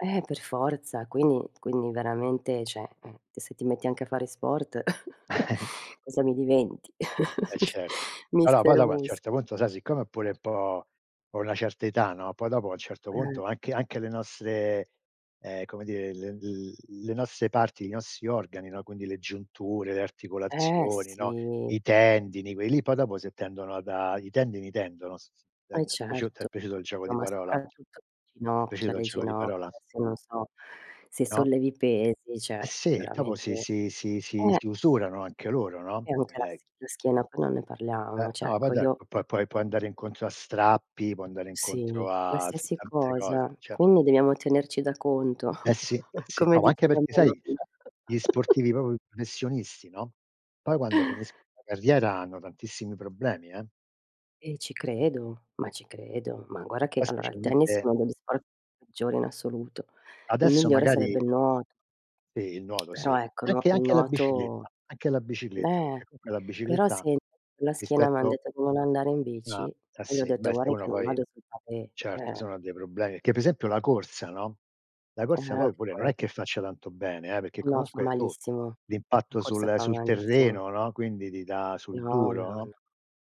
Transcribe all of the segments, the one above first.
Ehm, per forza, quindi quindi veramente, cioè, ehm, se ti metti anche a fare sport, cosa mi diventi? E Mis certo. Allora poi Mister dopo a un musc certo punto sai siccome ho pure un po' ho una certa età, no, poi dopo a un certo Eh. punto, anche anche le nostre, ehm, come dire, le l le nostre parti, i nostri organi, no, quindi le giunture, le Ehm, articolazioni, no, i sì. tendini, quelli lì poi dopo se tendono a da i tendini tendono, s s da d Eh t'è piaciu t'è certo, piaciuto il gioco no di ma parola? Ti soprattutto le è ginocchia, piaciuto il le gioco di ginocchia. parola? Adesso io non so, se No? sollevi i pesi, Ehm, cioè sì, dopo veramente si si si si ehm. si usurano anche loro, no, E anche la ehm sch la schiena poi non ne Ehm, parliamo. Cioè no, poi ecco do io puo puoi puoi andare incontro a strappi, puoi andare Sì, incontro a s qualsiasi tante cose, cosa. cioè Quindi debbiamo tenerci da conto, Eh sì, eh sì. come No, anche diceva mia perché sai, nonna. gli sportivi proprio i professionisti, no, poi quando finisc la carriera hanno tantissimi problemi eh. Eh ci credo, ma ci credo. Ma guarda che Poi allora il tennis è specialmente uno degli sport peggiori in assoluto. Il Adesso migliore sarebbe magari il nuot Sì il nuoto sì, Però e ecco, nuo anche il anche la nuoto bicicletta, anche la bicicletta beh, perché comunque la però bicicletta, sen con la schiena m'han rispetto detto di non andare in bici Ah, eh e li ho sì, detto: beh se "Guardi che uno non poi vado sul pavé eh certo se eh.". uno ha dei problemi perché pre esempio la corsa, no, la Ehm, corsa anche poi pure non quel è che faccia tanto bene, eh, perché No, fa comunque tu malissimo. La l'impatto corsa sul fa sul malissimo. terreno, no, quindi ti dà sul No, duro, no, no, no.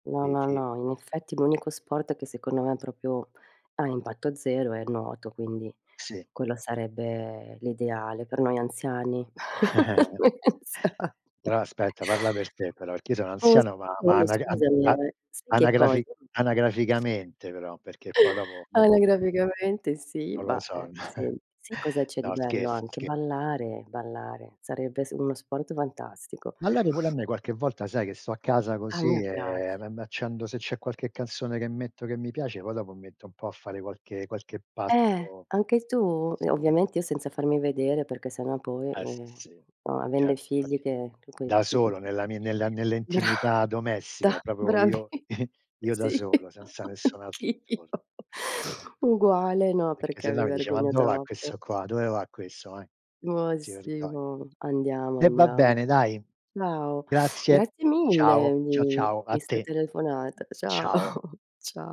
No, ti no, ti no. In effetti l'unico sport che, secondo me, proprio ha impatto 0 è il nuoto, quindi Sì. quello sarebbe l'ideale per noi anziani. Noi anziani. Però aspetta, parla per te però, perch'io sono Oh s anziano, ma ma oh anag an scusami a ehm, sai che anagrafi cosa anagraficamente però, perché poi dopo dopo no Anagraficamente sì, non lo bah, son eh sì, sent si cosa c'è di No bello scherzo, anche? sche Ballare, ballare sarebbe s uno sport fantastico. Ballare pure a me qualche volta sai che sto a casa A così, mia piac ehm, me m'accendo se c'è qualche canzone che metto che mi piace poi dopo mi metto un po' a fare qualche qualche Ehm, passo anche ah tu? Ehm, sì? ovviamente io senza farmi vedere, perché sennò poi, Eh sì, ehm, sì, no, avendo i certo figli infatti che che coi da ti mhmm, solo nella mi nella bra nell'intimità domestica da proprio bravi io io da sì, solo, senza nessun altro anch'io. intorn Uguale, no, Perché perché mi sennò mi dice: "Ma vergogno do va troppo. questo qua? Dove va questo, eh?". Ma Si sì, vergogn ma andiamo, E va andiamo. bene dai. Ciao, Grazie. grazie mille Ciao, ciao, di ciao, a di 'sta te. telefonata. Ciao, Ciao. cia